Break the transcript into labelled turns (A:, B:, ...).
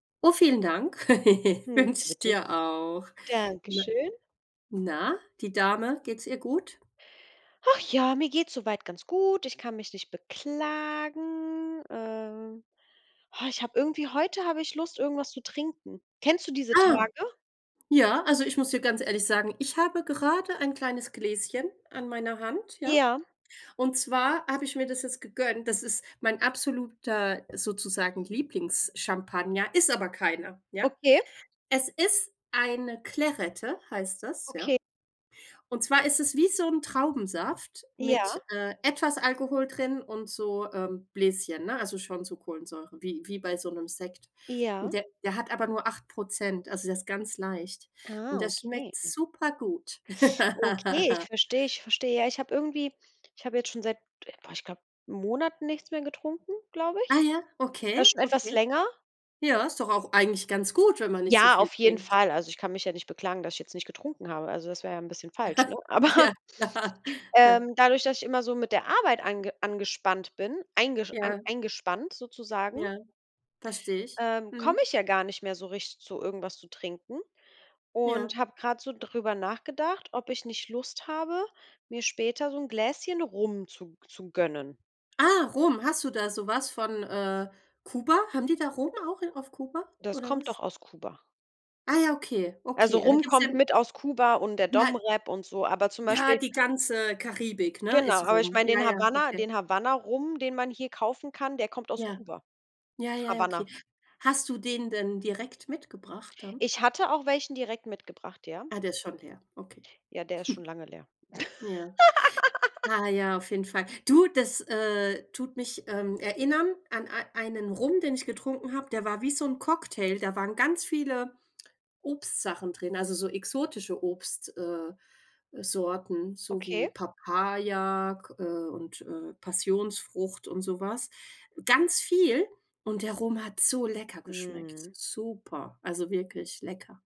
A: Oh, vielen Dank,
B: Hm.
A: wünsche ich
B: [unintelligible]
A: dir auch.
B: Danke
A: Na
B: schön.
A: na, die Dame, geht's ihr gut?
B: Ach ja, mir geht's so weit ganz gut. Ich kann mich nicht beklagen. Ähm, ich habe irgendwie heute habe ich Lust, irgendwas zu trinken. Kennst du diese
A: Ah,
B: Tage?
A: ja, also ich muss dir ganz ehrlich sagen, ich habe gerade ein kleines Gläschen an meiner Hand, ja.
B: Ja.
A: Und zwar habe ich mir das jetzt gegönnt, das ist mein absoluter, sozusagen, Lieblings-Champagner, ist aber keiner, ja.
B: Okay.
A: Es ist eine Clairette, heißt das, ja.
B: Okay.
A: Und zwar ist es wie so 'n Traubensaft mit,
B: Ja.
A: äh, etwas Alkohol drin und so, ähm, Bläschen, ne, also schon so Kohlensäure wie wie bei so 'nem Sekt. Und
B: Ja.
A: der der hat aber nur 8 %, also der ist ganz leicht. Und
B: Ah,
A: der
B: okay.
A: schmeckt super gut.
B: Okay, ich verstehe, ich verstehe. Ja ich habe irgendwie ich habe jetzt schon seit boah, ich glaube Monaten nichts mehr getrunken, glaube
A: Ah
B: ich.
A: ja,
B: Äh,
A: okay,
B: schon etwas
A: okay.
B: länger.
A: Ja, ist doch auch eigentlich ganz gut, wenn man nicht so
B: Ja,
A: viel
B: auf jeden
A: trinkt.
B: Fall. Also, ich kann mich ja nicht beklagen, dass jetzt nicht getrunken habe. Also, das wäre ja ein bisschen falsch, ne? Aber,
A: Ja, klar.
B: ähm, dadurch, dass ich immer so mit der Arbeit ange angespannt bin, eingesch an
A: Ja.
B: eingespannt sozusagen
A: Ja. Verstehe ich.
B: ähm, komme
A: Mhm.
B: ich ja gar nicht mehr so richtig zu irgendwas zu trinken und
A: Ja.
B: habe grade so drüber nachgedacht, ob ich nicht Lust habe, mir später so 'n Gläschen Rum zu g zu gönnen.
A: Ah, Rum, hast du da so was von, äh, Kuba? Haben die da Rum auch i auf Kuba,
B: Das
A: oder
B: kommt
A: was?
B: doch aus Kuba.
A: Ah ja, okay,
B: Also,
A: okay. Ja, da
B: Rum
A: gibt's ja
B: kommt mit aus Kuba und der
A: Nei
B: DomRep und so, aber zum
A: Ja,
B: Beispiel
A: die ganze Karibik, ne,
B: Genau,
A: ist
B: aber ich
A: Rum.
B: meine,
A: Ja,
B: den
A: ja,
B: Havana
A: okay.
B: den Havana Rum, den man hier kaufen kann, der kommt aus
A: Ja,
B: Kuba.
A: ja, ja, ja, okay.
B: Havana.
A: Hast du den denn direkt mitgebracht, dann?
B: Ich hatte auch welchen direkt mitgebracht, ja?
A: Ah, der ist schon leer, okay.
B: Ja, der ist schon lange leer.
A: Ja. Ah ja, auf jeden Fall. Du, das, äh, tut mich, ähm, erinnern an ei einen Rum, den ich getrunken habe, der war wie so 'n Cocktail. Da waren ganz viele Obstsachen drin, also so exotische Obst äh, Sorten, so wie
B: Okay.
A: Papaya, G und, äh, Passionsfrucht und so was. Ganz viel. Und der Rum hat so lecker geschmeckt,
B: Mhm.
A: super, also, wirklich lecker.